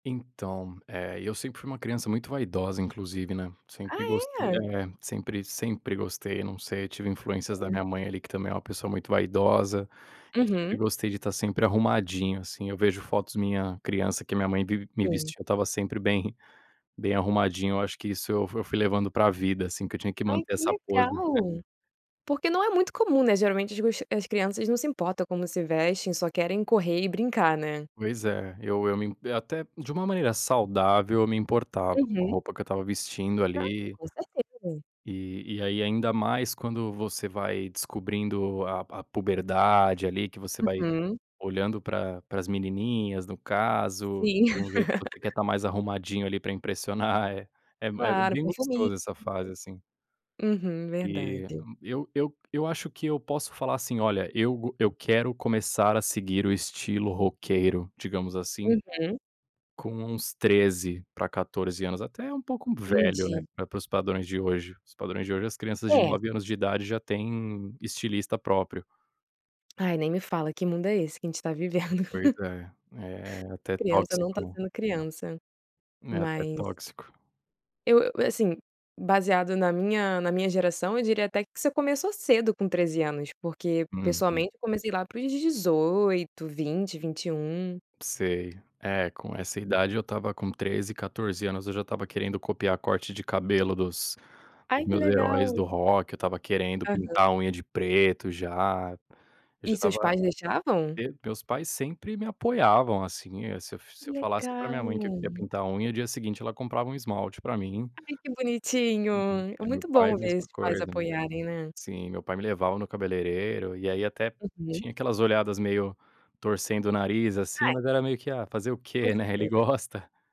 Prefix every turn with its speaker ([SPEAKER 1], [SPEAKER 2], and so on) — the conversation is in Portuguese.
[SPEAKER 1] Então, eh, eu sempre fui uma criança muito vaidosa, inclusive, né,
[SPEAKER 2] Ah,
[SPEAKER 1] sempre gostei
[SPEAKER 2] é?
[SPEAKER 1] É, sempre sempre gostei. Não sei, eu tive influências da
[SPEAKER 2] Sim.
[SPEAKER 1] minha mãe, ali, que também é uma pessoa muito vaidosa. Eu sempre
[SPEAKER 2] Uhum.
[SPEAKER 1] gostei de tá sempre arrumadinho, assim. Eu vejo fotos minha criança que a minha mãe vivi me
[SPEAKER 2] Sim.
[SPEAKER 1] vestia; eu estava sempre bem bem arrumadinho. Eu acho que isso eu fu fui levando pra vida, assim, que eu tinha que
[SPEAKER 2] Ai
[SPEAKER 1] manter
[SPEAKER 2] que
[SPEAKER 1] essa pose.
[SPEAKER 2] legal! Porque não é muito comum, né, geralmente os as crianças não se importam como se vestem, só querem correr e brincar, né.
[SPEAKER 1] Pois é, eu eu me até, de uma maneira saudável, eu me importava com a
[SPEAKER 2] Uhum.
[SPEAKER 1] roupa que eu estava vestindo
[SPEAKER 2] Claro,
[SPEAKER 1] ali.
[SPEAKER 2] com certeza.
[SPEAKER 1] E e, aí, ainda mais quando você vai descobrindo a a puberdade, ali, que você vai
[SPEAKER 2] Uhum.
[SPEAKER 1] olhando pra pra as menininhas, no caso,
[SPEAKER 2] Sim.
[SPEAKER 1] de um jeito que você quer tá mais arrumadinho, ali, pra impressionar é. É m é
[SPEAKER 2] Claro, um
[SPEAKER 1] bem
[SPEAKER 2] perfuminho.
[SPEAKER 1] gostoso essa fase, assim.
[SPEAKER 2] [unintelligible] Uhum,
[SPEAKER 1] Eh, hã,
[SPEAKER 2] verdade.
[SPEAKER 1] eu eu eu acho que eu posso falar, assim: "Olha eu go eu quero começar a seguir o estilo roqueiro", digamos, assim
[SPEAKER 2] Uhum.
[SPEAKER 1] com uns 13 pra 14 anos, até um pouco velho, né,
[SPEAKER 2] Entendi.
[SPEAKER 1] para os padrões de hoje. Os padrões de hoje, as crianças de
[SPEAKER 2] É.
[SPEAKER 1] 9 anos de idade já têm estilista próprio.
[SPEAKER 2] Ai nem me fala, que mundo é esse que a gente tá vivendo?.
[SPEAKER 1] Pois é. É até
[SPEAKER 2] Criança não tá
[SPEAKER 1] tóxico.
[SPEAKER 2] sendo criança.
[SPEAKER 1] É até
[SPEAKER 2] Mas
[SPEAKER 1] tóxico.
[SPEAKER 2] eu eu, assim, baseado na minha na minha geração, eu diria até que você começou cedo com 13 anos. Porque,
[SPEAKER 1] Uhum.
[SPEAKER 2] pessoalmente, eu comecei lá para os 18, 20, 21.
[SPEAKER 1] Sei, é com essa
[SPEAKER 2] Uhum.
[SPEAKER 1] idade eu estava com 13, 14 anos, eu já estava querendo copiar corte de cabelo dos
[SPEAKER 2] Ai
[SPEAKER 1] dos
[SPEAKER 2] que
[SPEAKER 1] meus heróis
[SPEAKER 2] legal.
[SPEAKER 1] do rock. Eu estava querendo
[SPEAKER 2] Aham.
[SPEAKER 1] pintar a unha de preto, já. Eu já
[SPEAKER 2] E seus
[SPEAKER 1] estava
[SPEAKER 2] pais deixavam?
[SPEAKER 1] de meus pais sempre me apoiavam, assim, eu se eu se
[SPEAKER 2] Que
[SPEAKER 1] eu falasse pra minha
[SPEAKER 2] legal!
[SPEAKER 1] mãe que eu queria pintar a unha, o dia seguinte ela comprava um esmalte pra mim.
[SPEAKER 2] Ai, que bonitinho!
[SPEAKER 1] Uhum,
[SPEAKER 2] É
[SPEAKER 1] eh, meus
[SPEAKER 2] muito
[SPEAKER 1] pai a
[SPEAKER 2] bom ver
[SPEAKER 1] mesma
[SPEAKER 2] esses pais
[SPEAKER 1] coisa.
[SPEAKER 2] apoiarem, né?
[SPEAKER 1] Sim, meu pai me levava no cabeleireiro, e aí, até
[SPEAKER 2] Uhum.
[SPEAKER 1] tinha aquelas olhadas meio torcendo o nariz, assim,
[SPEAKER 2] É.
[SPEAKER 1] mas era meio que: "Ah fazer o
[SPEAKER 2] Com
[SPEAKER 1] quê, né, ele
[SPEAKER 2] certeza.
[SPEAKER 1] gosta".